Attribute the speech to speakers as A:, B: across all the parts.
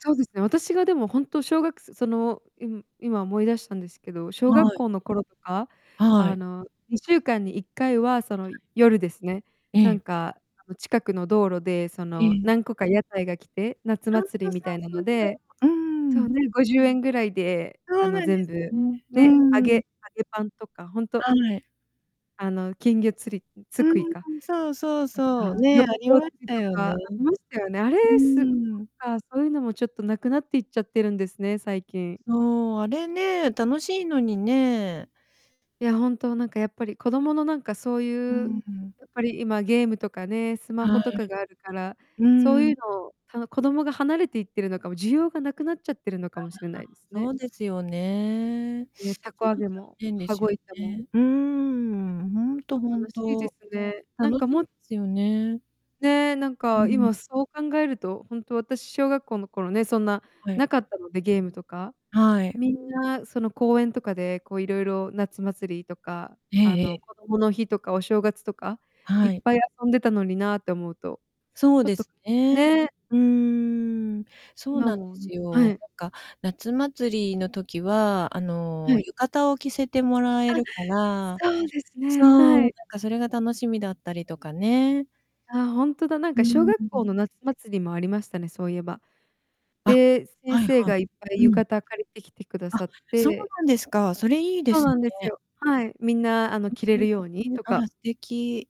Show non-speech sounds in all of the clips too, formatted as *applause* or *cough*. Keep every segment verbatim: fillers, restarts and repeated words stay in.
A: そうですね、私が、でもほんと、しょうがくせその、い今思い出したんですけど、小学
B: はい。
A: 校の頃とか、
B: は
A: あ
B: い。
A: の、にしゅうかんにいっかいは、その、
B: *unintelligible*
A: 夜ですね。
B: え
A: なん
B: え。
A: か、あの、近くの道路で、そ
B: え
A: の、
B: え。
A: 何個か屋台が来て、夏
B: うん、
A: 祭り
B: そそ
A: みたいな
B: うそ
A: の
B: うそ
A: で、
B: う、うー
A: そう
B: ん。
A: ね、ごじゅうえんぐらいで、あ
B: そう
A: の、
B: なんで
A: 全
B: す
A: 部、
B: ね。う
A: ね、揚
B: ー
A: げ揚
B: ん。
A: げパンとか、ほんと
B: はい。
A: あの、金魚釣りん、
B: う
A: つくい
B: ん
A: か
B: うん、そうそう
A: とか、
B: そう、
A: ヨ
B: ね、
A: ー
B: あり
A: ヨー
B: まし
A: 釣り
B: た
A: と
B: よ
A: か
B: ね。
A: ありましたよね、あ
B: うー
A: れ、す
B: ん。
A: ああ、そういうのもちょっと無くなっていっちゃってるんですね、最近。
B: そう、あれね、楽しいのにね。
A: いや、ほんと、なんかやっぱり、子供の、なんか、そう
B: う
A: ゆ
B: ん
A: う、
B: うん。
A: やっぱり、今、ゲームとかねスマホ
B: は
A: と
B: い。
A: かがあるから、
B: う
A: そ
B: ん
A: う
B: う
A: ゆう
B: ん。
A: のを、あの、子供が離れていってるのかも、需要がなくなっちゃってるの
B: あ、は
A: かも
B: は、
A: しれないです
B: そ
A: ね。
B: うですよね。
A: ね、
B: ち
A: 凧
B: ょっ
A: 揚
B: と残
A: げも、
B: 念で
A: 羽
B: すよ
A: 子板も。
B: ね。うーん、ほ
A: ちょ
B: んと
A: っ
B: ほ
A: と
B: ん
A: 悲しいで
B: と。
A: すね。な
B: 楽
A: んか、
B: し
A: も
B: いですよね。
A: ねえ、なん
B: う
A: か、
B: ん。
A: 今、そう考えると、ほんと、私、小学校の頃ね、そんな、
B: はい。
A: 無かったのでゲームとか。
B: はい。
A: みんな、その、公園とかで、こう、いろいろ、夏祭りとか、
B: え
A: あ
B: え
A: の、
B: ええ。
A: 子どもの日とかお正月とかい
B: は
A: っ
B: い。
A: ぱい遊んでたのになって思うと、
B: そう
A: ちょっ
B: で
A: と
B: すね。
A: ね。
B: うーん、そう
A: 今
B: なんで
A: も、ん
B: す
A: は
B: よ。
A: い。
B: なんか、夏祭りの時は、あの、
A: はい。
B: 浴衣を着せてもらえ
A: あ、
B: るから
A: そうです
B: そ
A: ね、
B: う、
A: は
B: なん
A: い。
B: かそれが楽しみだったりとかね。
A: あ、ほんとだ、なん
B: うー
A: か小
B: ん、
A: 学校
B: ん。
A: の夏祭りもありましたね、そういえば。
B: あ、
A: で、先
B: はい
A: 生
B: はい。
A: がいっぱい
B: う
A: 浴
B: ん。
A: 衣借りてきてくだ
B: あ、
A: さっ
B: そう
A: て
B: なんですか。それいいで
A: そう
B: す
A: なんです
B: ね。
A: よ。はい、みんな、あの、
B: う
A: 着れ
B: ん、
A: る
B: ね。
A: ように
B: ね。
A: と
B: あら
A: か。
B: 素敵。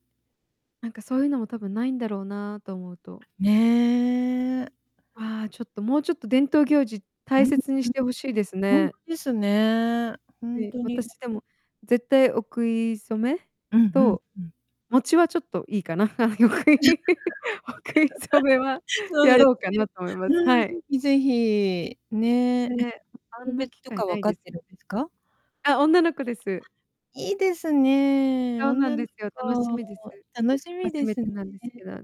A: なんか、そうゆうのも多分ないんだろうなと思うと
B: ね。
A: ああ、ちょっと、もうちょっと、伝統行事
B: う
A: 大
B: ん。ん。
A: 切にしてほしいです
B: ほん
A: ね。
B: とですね。ほん
A: で、
B: とに、ま
A: 私、でも、絶対、お食い初め
B: うん、ふん、
A: と
B: うん。
A: 餅は、ちょっといいかな。は、よくい *laughs* お食い初めは、
B: *laughs* そう
A: や
B: です
A: ろうか
B: ね。
A: なと思います、
B: う
A: は
B: ん、是
A: い。
B: 非是非、ね。え、
A: ね、あ
B: 性
A: んな
B: 別
A: 機
B: と
A: 会
B: か
A: な
B: 分
A: い
B: かっ
A: です
B: て
A: よ
B: るんで
A: ね。
B: すか？
A: あ、女の子で
B: あ、
A: す。
B: いいですね、
A: そうなん
B: 女の
A: ですよ、楽し
B: 子、
A: みです。
B: 楽しみ
A: 初
B: で
A: め
B: すね。
A: てなんですけど。あ、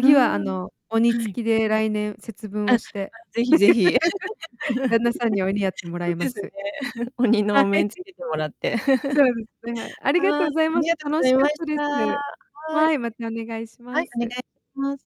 B: う
A: は、あ
B: ん、は
A: の、鬼
B: い。
A: 付きで、来年、節分
B: う
A: を
B: ん、それは、
A: して
B: 是非是非。
A: *laughs*
B: *laughs*
A: 旦那さんに、鬼やってもら
B: そう
A: いま
B: ですね。
A: す。
B: *chuckles* 鬼の
A: は
B: お面つ
A: い。
B: けてもらって。
A: そうですね、はい。
B: *chuckles*
A: ありがと
B: はい、
A: うざい
B: あ
A: ま
B: り
A: す。
B: がとご
A: 楽
B: ざい
A: しか
B: ま
A: っ
B: し
A: たで
B: た。
A: す。
B: は
A: は
B: い。
A: い、またお願いし
B: は
A: ま
B: い、お願い
A: す。
B: します。